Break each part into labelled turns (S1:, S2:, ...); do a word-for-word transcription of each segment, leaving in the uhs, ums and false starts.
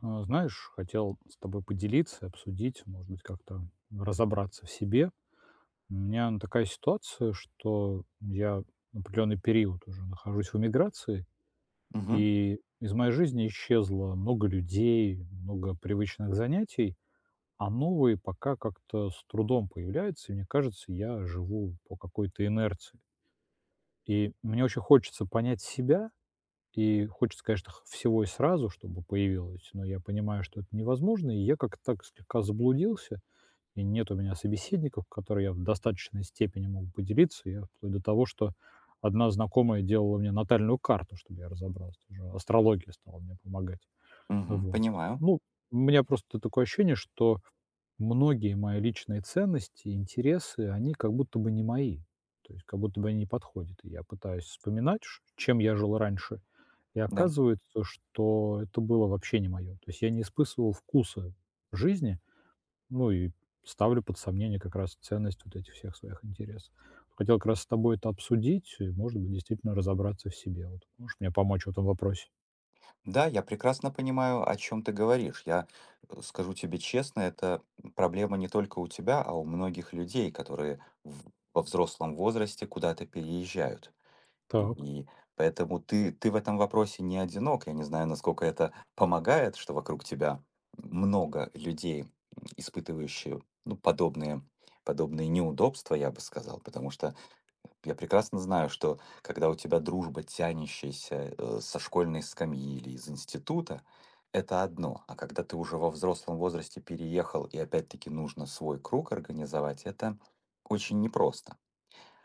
S1: А, знаешь, хотел с тобой поделиться и обсудить, может быть, как-то разобраться в себе. У меня, ну такая ситуация, что я определённый период уже нахожусь в эмиграции,
S2: Мгм.
S1: и из моей жизни исчезло много людей, много привычных занятий, а новые, пока, как-то с трудом появляются. И мне кажется, я живу по какой-то инерции. И мне очень хочется понять себя. И хочется, конечно, х всего и сразу, чтобы появилось, но я понимаю, что это невозможно. И я, как-то так, слегка заблудился. И нет у меня собеседников, которые я б в достаточной степени мог бы поделиться. И я, вплоть до того, что одна знакомая делала мне натальную карту, чтобы я разобрался. Уже астрология стала мне помогать. А
S2: Мгм,
S1: вот.
S2: понимаю.
S1: Ну, у меня просто т такое ощущение, что многие мои личные ценности, интересы, они как будто бы не мои, то есть как будто бы они не подходят. И я пытаюсь вспоминать, ш чем я жил раньше, и
S2: Да.
S1: оказывается, что это было вообще не моё. То есть я не испысывал вкуса жизни, ну и ставлю под сомнение, как раз, ценность вот этих всех своих интересов. Хотел, как раз, с тобой это обсудить и, может быть, действительно разобраться в себе. Вот можешь мне помочь в этом вопросе?
S2: Да, я прекрасно понимаю, о чём ты говоришь. Я, э, скажу тебе честно, это, м, проблема не только у тебя, а у многих людей, которые в во взрослом возрасте куда-то переезжают. И
S1: Так.
S2: и поэтому ты ты в этом вопросе не одинок. Я не знаю, насколько это помогает, что вокруг тебя, м, много людей, м, испытывающие, ну, подобные подобные неудобства, я бы сказал. Потому что я прекрасно знаю, что когда у тебя дружба, тянущаяся, э, со школьной скамьи или из института- это одно. А когда ты уже во взрослом возрасте переехал и опять-таки нужно свой круг организовать, это очень непросто.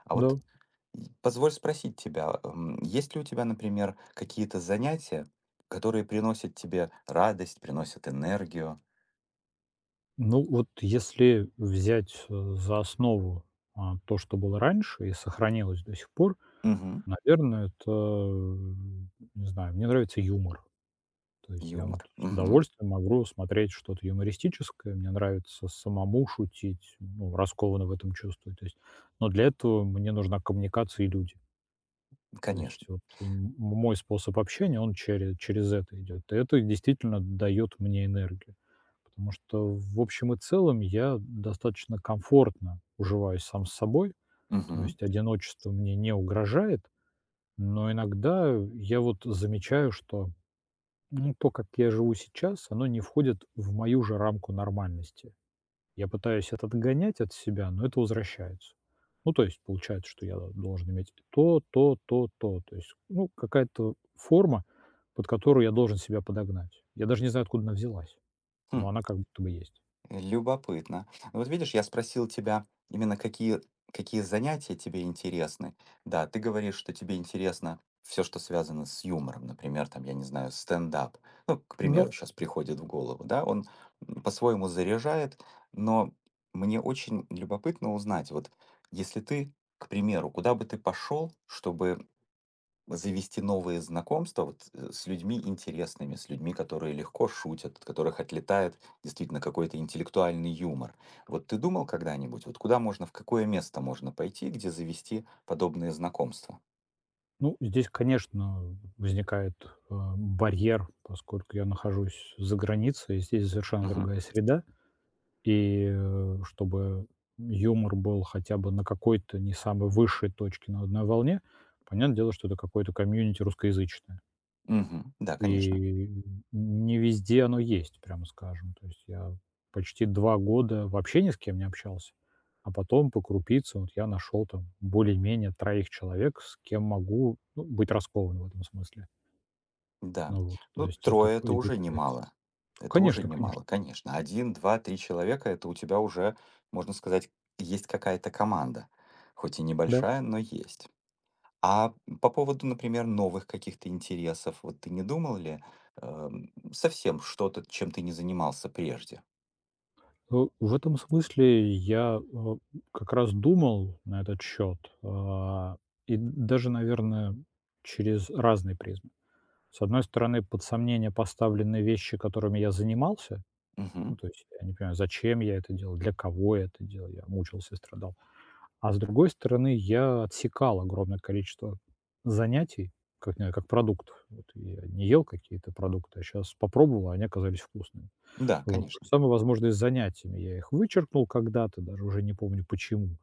S2: А вот,
S1: Да.
S2: м, позволь спросить тебя, а, м, есть ли у тебя, например, какие-то занятия, которые приносят тебе радость, приносят энергию?
S1: Ну вот если взять, э, за основу, а, то, что было раньше и сохранилось до сих пор,
S2: Мгм.
S1: наверное, это, не знаю, мне нравится юмор. То есть я вот
S2: Юмор,
S1: с
S2: мгм.
S1: удовольствием могу смотреть что-то юмористическое. Мне нравится самому шутить, ну, раскованно в этом чувствую, то есть. Но для этого мне нужна коммуникация и люди. То есть
S2: Конечно.
S1: вот м м мой способ общения, он чере через это идёт. И это действительно даёт мне энергию, потому что в общем и целом я достаточно комфортно уживаюсь сам с собой. То
S2: Мгм.
S1: есть одиночество мне не угрожает. Но иногда, э, я вот замечаю, что, ну то, как я живу сейчас, оно не входит в мою же рамку нормальности. Я пытаюсь это отгонять от себя, но это возвращается. Ну то есть получается, что я должен иметь и то, то, то, то. То есть, ну какая-то форма, под которую я должен себя подогнать. Я даже не знаю, откуда она взялась,
S2: Хм.
S1: но она как будто бы есть.
S2: Любопытно. А вот видишь, я спросил тебя именно какие какие занятия тебе интересны. Да, ты говоришь, что тебе интересно всё, что связано с юмором. Например, там, я не знаю, стендап, ну, к
S1: Да.
S2: примеру, щас приходит в голову, да? Он по-своему заряжает. Но мне очень любопытно узнать. Вот если ты, к примеру, куда бы ты пошёл, чтобы завести новые знакомства, вот, э, с людьми интересными, с людьми, которые легко шутят, от которых отлетает действительно какой-то интеллектуальный юмор. Вот ты думал когда-нибудь, вот куда можно, в какое место можно пойти, где завести подобные знакомства?
S1: Ну здесь, конечно, возникает, э, барьер, поскольку я нахожусь за границей, здесь совершенно
S2: Мгм.
S1: другая среда. И, э, чтобы юмор был хотя бы на какой-то не самой высшей точке, но на одной волне, понятное дело, что это какое-то комьюнити русскоязычное.
S2: Мгм. Да,
S1: И,
S2: конечно.
S1: м, н не везде оно есть, прямо скажем. То есть я почти два года вообще ни с кем не общался, а потом по крупице вот я нашёл там более-менее троих человек, с кем могу, ну, быть раскованным в этом смысле.
S2: Да.
S1: Ну вот. То
S2: Ну,
S1: есть это
S2: трое- это
S1: будет
S2: уже
S1: влиять.
S2: немало. Это уже
S1: Конечно конечно.
S2: немало, конечно. один, два, три человека- это у тебя уже, можно сказать, есть какая-то команда. Хоть и
S1: Да.
S2: небольшая, но есть. А, м, по поводу, например, новых каких-то интересов, вот ты не думал ли, эм, совсем что-то, чем ты не занимался прежде?
S1: Э, в этом смысле я, э, м как раз думал на этот счёт, а, и д даже, наверное, через разные призмы. С одной стороны, под сомнение поставлены вещи, которыми я занимался. Ну,
S2: Мгм.
S1: то есть я не понимаю, зачем я это делал, для кого я это делал. Я мучился, страдал. А с другой стороны, я отсекал огромное количество занятий как не как продуктов. Вот я не ел какие-то продукты, а щас попробовал, а они оказались вкусными.
S2: М-да,
S1: Вот. То же
S2: конечно.
S1: самое, возможно, и с занятиями. Я их вычеркнул когда-то, даже уже не помню почему.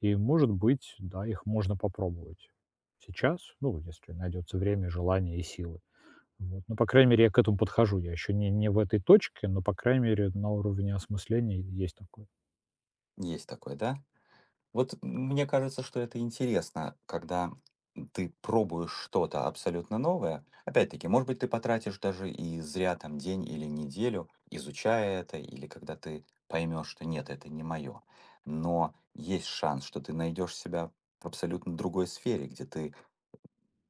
S1: И, может быть, да, их можно попробовать сейчас. Ну, если найдётся время, желание и силы. Вот. Ну, по крайней мере, я к этому подхожу. Я ещё не не в этой точке, но, по крайней мере, на уровне осмысления е есть такое.
S2: Есть такое, да? Вот м мне кажется, что это интересно, когда, м, ты пробуешь что-то абсолютно новое. Опять-таки, может быть, ты потратишь даже и зря, там, день или неделю, изучая это, или когда ты поймёшь, что нет, это не моё, но есть шанс, что ты найдёшь себя в абсолютно другой сфере, где ты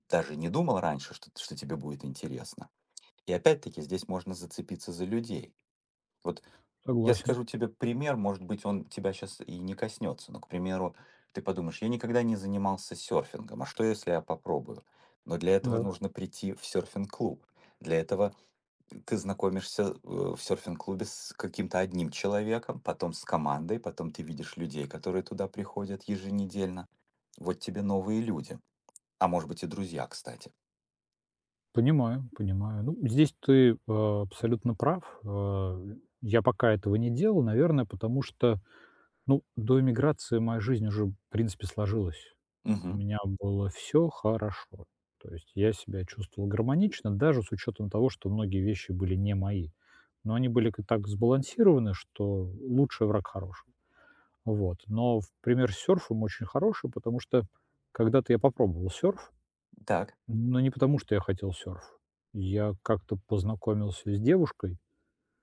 S2: даже не думал раньше, шт что тебе будет интересно. И опять-таки, здесь можно зацепиться за людей. Вот я
S1: Согласен.
S2: скажу тебе пример, может быть, он тебя щас и не коснётся, но, к примеру, ты подумаешь: "Я никогда не занимался сёрфингом. А что, если я попробую?" Но для этого
S1: Да.
S2: нужно прийти в сёрфинг-клуб. Для этого, м, ты знакомишься, э, в сёрфинг-клубе с каким-то одним человеком, потом с командой, потом ты видишь людей, которые туда приходят еженедельно. Вот тебе новые люди. А может быть, и друзья, кстати.
S1: Понимаю, понимаю. Ну, здесь ты, э, абсолютно прав. Э, я пока этого не делал, наверное, потому что, ну, до эмиграции моя жизнь уже в принципе сложилась. У
S2: Мгм.
S1: меня было всё хорошо. То есть я себя чувствовал гармонично, даже с учётом того, что многие вещи были не мои, но они были к так сбалансированы, что лучший- враг хорошего. Вот. Но пример с сёрфом очень хороший, потому что когда-то я попробовал сёрф,
S2: Так.
S1: но не потому, что я хотел сёрф. Я как-то познакомился с девушкой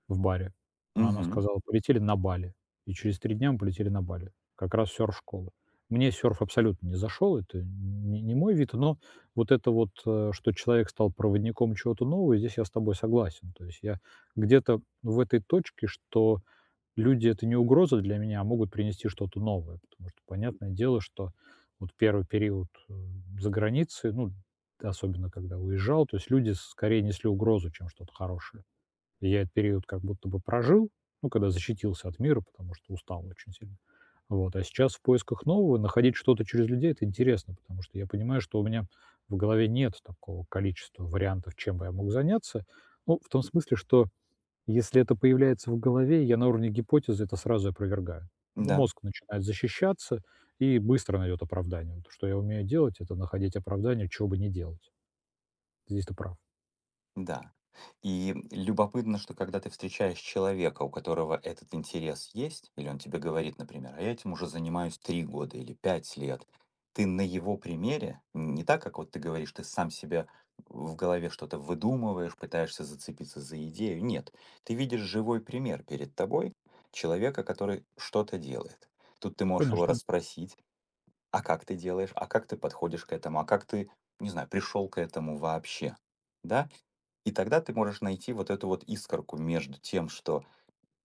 S1: в баре, а она
S2: Мгм.
S1: сказала: "Полетели на Бали". И через три дня мы полетели на Бали. Как раз сёрф-школа. Мне сёрф абсолютно не зашёл. Это н не не мой вид. Но вот это вот, э, что человек стал проводником чего-то нового, здесь я с тобой согласен. То есть я где-то в этой точке, что люди- это не угроза для меня, а могут принести что-то новое. Потому что понятное дело, что вот первый период, э, за границей, ну, т особенно когда уезжал, то есть люди скорее несли угрозу, чем что-то хорошее. И я этот период как будто бы прожил, ну, когда защитился от мира, потому что устал очень сильно. Вот. А сейчас в поисках нового находить что-то через людей- это интересно, потому что я понимаю, что у меня в голове нет такого количества вариантов, чем бы я мог заняться. Ну, в том смысле, что если это появляется в голове, я на уровне гипотезы это сразу опровергаю. Ну,
S2: М-да.
S1: мозг начинает защищаться и быстро найдёт оправдание. Но то, что я умею делать- это находить оправдание, чего бы не делать. Здесь ты прав.
S2: Да. И любопытно, что когда ты встречаешь человека, у которого этот интерес есть, или он тебе говорит, например: "А я этим уже занимаюсь три года или пять лет". Ты на его примере, н не так, как вот ты говоришь, ты сам себя в голове что-то выдумываешь, пытаешься зацепиться за идею. Нет, ты видишь живой пример перед тобой человека, который что-то делает. Тут ты можешь его
S1: Конечно.
S2: расспросить: "А как ты делаешь? А как ты подходишь к этому? А как ты- не знаю- пришел к этому вообще?" Да, и тогда ты можешь найти вот эту вот искорку между тем, что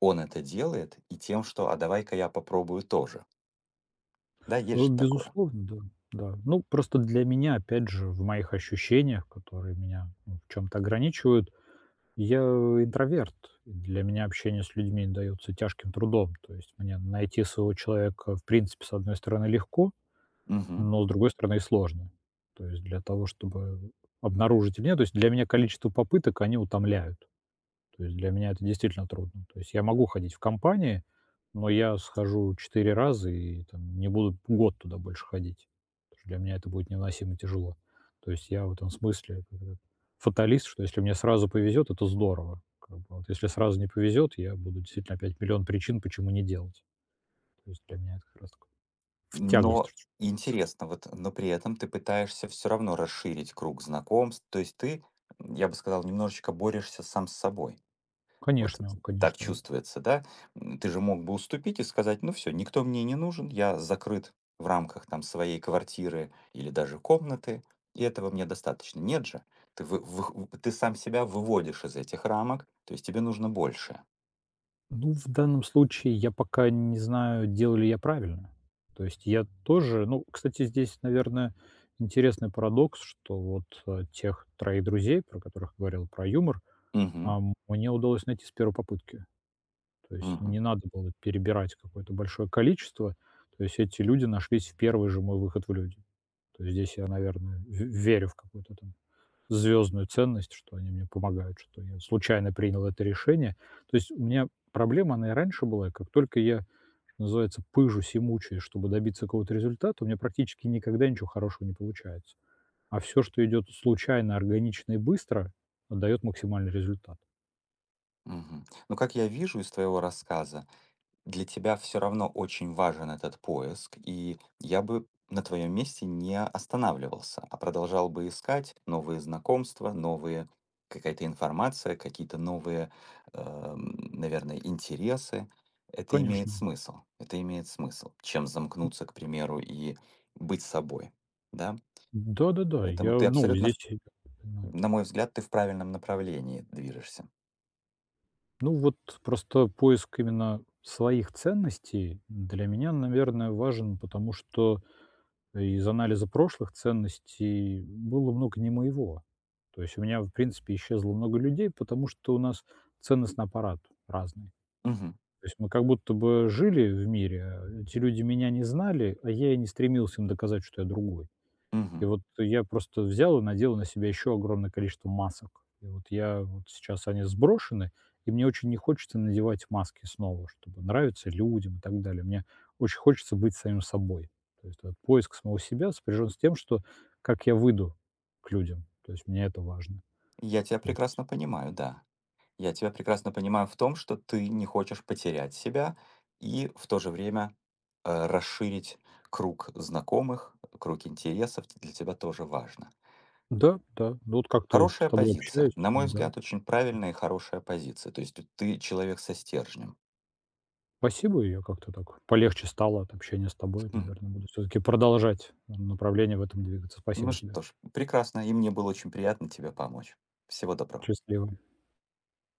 S2: он это делает, и тем, что: "А давай-ка я попробую тоже". Да,
S1: Э,
S2: есть же такое?
S1: безусловно, да, да. Ну просто для меня опять же в моих ощущениях, которые меня, ну, в чём-то ограничивают, я интроверт, для меня общение с людьми даётся тяжким трудом. То есть мне найти своего человека, в принципе, с одной стороны, легко,
S2: Мгм.
S1: но с другой стороны, и сложно. То есть для того, чтобы обнаружить у меня, то есть для меня количество попыток, они утомляют. То есть для меня это действительно трудно. То есть я могу ходить в компании, но я схожу четыре раза и там не буду год туда больше ходить, потому что для меня это будет невыносимо тяжело. То есть я в этом смысле фаталист, что если мне сразу повезёт, это здорово как бы, а вот если сразу не повезёт, я буду действительно опять миллион причин, почему не делать. То есть для меня это как раз в тягость то,
S2: Но
S1: чт тс
S2: интересно вот, но при этом ты пытаешься всё равно расширить круг знакомств. То есть ты, м, я бы сказал, немножечко борешься сам с собой. Вот
S1: Конечно,
S2: это так
S1: конечно.
S2: чувствуется, да? М, ты же мог бы уступить и сказать: "Ну, всё, никто мне не нужен. Я закрыт в рамках там своей квартиры или даже комнаты, и этого мне достаточно". Нет же, ты вы вых ты сам себя выводишь из этих рамок, то есть тебе нужно больше.
S1: Ну, в данном случае я пока не знаю, делаю ли я правильно. То есть я тоже ну, кстати, здесь, наверное, интересный парадокс, что вот, а, тех троих друзей, про которых говорил, про юмор,
S2: Мгм.
S1: а, мне удалось найти с первой попытки. То есть не
S2: Мгм.
S1: надо было перебирать какое-то большое количество. То есть эти люди нашлись в первый же мой выход в люди. То есть здесь я, наверное, в верю в какую-то там звёздную ценность, что они мне помогают, что я случайно принял это решение. То есть у меня проблема, она и раньше была: как только я, что называется, пыжусь и мучаюсь, чтобы добиться какого-то результата, у меня практически никогда ничего хорошего не получается. А всё, что идёт случайно, органично и быстро, э, даёт максимальный результат.
S2: Мгм. Ну, как я вижу из твоего рассказа, для тебя всё равно очень важен этот поиск. И я бы на твоём месте не останавливался, а продолжал бы искать новые знакомства, новые какая-то информация, какие-то новые, эм, наверное, интересы. Это имеет
S1: Конечно.
S2: смысл. Это имеет смысл. Чем
S1: М.
S2: замкнуться, к примеру, и быть с собой. Да?
S1: М, да-да-да. И я,
S2: Поэтому ты
S1: ну,
S2: абсолютно
S1: здесь
S2: ф
S1: [unintelligible] понимаю.
S2: на мой взгляд, ты в правильном направлении движешься.
S1: Ну, вот просто поиск именно своих ценностей для меня, наверное, важен, потому что из анализа прошлых ценностей было много не моего. То есть у меня в принципе исчезло много людей, потому что у нас ценностный аппарат разный.
S2: Мгм.
S1: То есть мы как будто бы жили в мире, эти люди меня не знали, а я и не стремился им доказать, что я другой. И
S2: Мгм.
S1: вот я просто взял и надел на себя ещё огромное количество масок. И вот я, вот сейчас они сброшены, и мне очень не хочется надевать маски снова, чтобы нравиться людям и так далее. Мне очень хочется быть самим собой. То есть вот поиск самого себя сопряжён с тем, что как я выйду к людям. То есть мне это важно,
S2: Я тебя
S1: то есть
S2: прекрасно понимаю, да. Я тебя прекрасно понимаю в том, что ты не хочешь потерять себя, и в то же время, э, расширить круг знакомых, круг интересов для тебя тоже важно.
S1: Да-да. Ну, вот как-то с
S2: Хорошая
S1: тобой общаюсь.
S2: позиция, на мой
S1: Да,
S2: взгляд, очень
S1: м
S2: правильная и хорошая позиция. То есть ты ты человек со стержнем.
S1: Спасибо. Я как-то так, полегче стало от общения с тобой.
S2: Мгм.
S1: Наверное, буду всё-таки продолжать в направлении в этом двигаться.
S2: Ну
S1: Спасибо тебе.
S2: что ж, прекрасно. И мне было очень приятно тебе помочь. Всего доброго.
S1: Счастливо.